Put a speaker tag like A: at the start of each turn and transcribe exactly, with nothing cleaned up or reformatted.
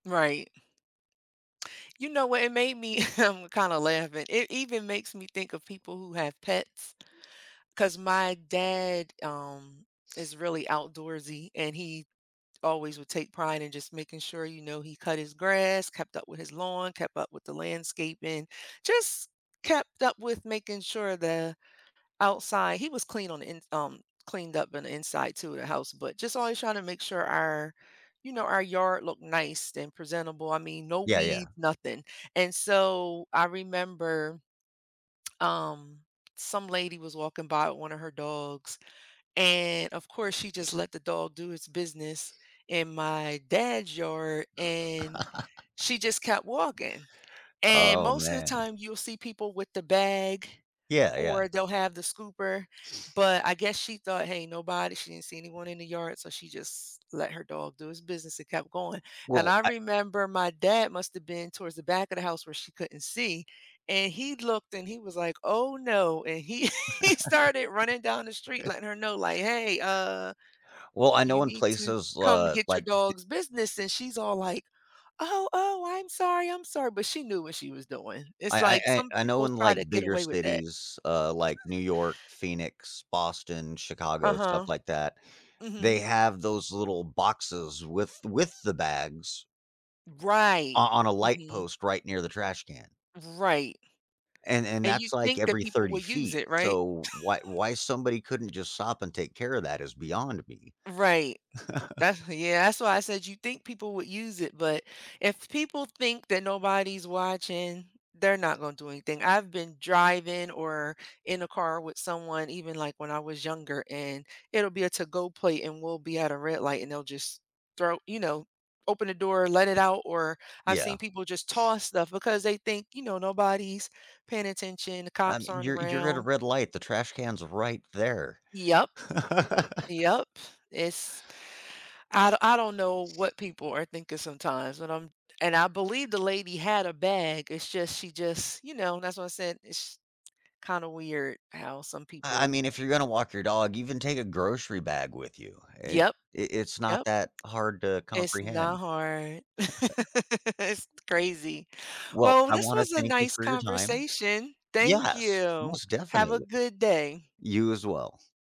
A: Right. You know what, it made me, um, kinda laughing, it even makes me think of people who have pets, 'cause my dad, um, is really outdoorsy, and he always would take pride in just making sure, you know, he cut his grass, kept up with his lawn, kept up with the landscaping, just kept up with making sure the outside he was clean on the ins um, cleaned up on the inside to the house, but just always trying to make sure our, you know, our yard looked nice and presentable. I mean, no
B: Yeah, yeah.
A: weeds, nothing, and so, I remember, um, some lady was walking by with one of her dogs, and of course she just let the dog do its business in my dad's yard, and she just kept walking, and
B: Oh,
A: most of the
B: man.
A: time you'll see people with the bag
B: Yeah, yeah.
A: or they'll have the scooper, but I guess she thought, "Hey, nobody," she didn't see anyone in the yard, so she just let her dog do his business and kept going, and
B: Well,
A: I
B: I
A: remember my dad must've been towards the back of the house where she couldn't see, and he looked and he was like, "Oh no," and he he started running down the street letting her know like, "Hey, uh,
B: Well, I
A: you
B: know in
A: need to
B: places,
A: come
B: uh,
A: get your
B: like d
A: dog's business," and she's all like, "Oh, oh, I'm sorry, I'm sorry," but she knew what she was doing. It's
B: I I
A: like
B: I
A: some
B: I know
A: people
B: in,
A: try
B: like,
A: to get
B: bigger
A: away with that.
B: cities, uh, like New York, Phoenix, Boston, Chicago, stuff
A: Uh-huh.
B: like that, they
A: Mhm.
B: have those little boxes with with the bags o
A: Right.
B: on a light
A: Mhm.
B: post right near the trash can
A: Right,
B: and and
A: and you
B: that's, like,
A: think that
B: every
A: people will
B: thirty
A: use
B: feet.
A: it, right?
B: So why why somebody couldn't just stop and take care of that is beyond me.
A: Right. That's yeah, that's why I said you'd think people would use it, but if people think that nobody's watching, they're not gonna do anything. I've been driving or in a car with someone even, like, when I was younger, and it'll be a to-go plate and we'll be at a red light and they'll just throw you know, open the door, let it out, or I've seen
B: Yeah.
A: people just toss stuff because they think, you know, "Nobody's paying attention, the
B: Um,
A: cops aren't
B: you're you're at a
A: around"
B: red light, the trash can's right there.
A: Yup. Yup. It's I don I don't know what people are thinking sometimes but I'm, and I believe the lady had a bag, it's just, she just, you know, that's why I said, ish kinda weird how some
B: I I
A: people
B: mean, if you're gonna walk your dog, even take a grocery bag with you. It
A: Yup.
B: i it's not
A: Yup.
B: that hard to
A: It's not
B: comprehend.
A: hard. It's crazy.
B: Well,
A: Well,
B: I
A: this
B: wanna
A: was a
B: thank you
A: nice
B: for your time.
A: conversation. Thank
B: Yes,
A: you.
B: most
A: Have a
B: definitely.
A: good day.
B: You as well.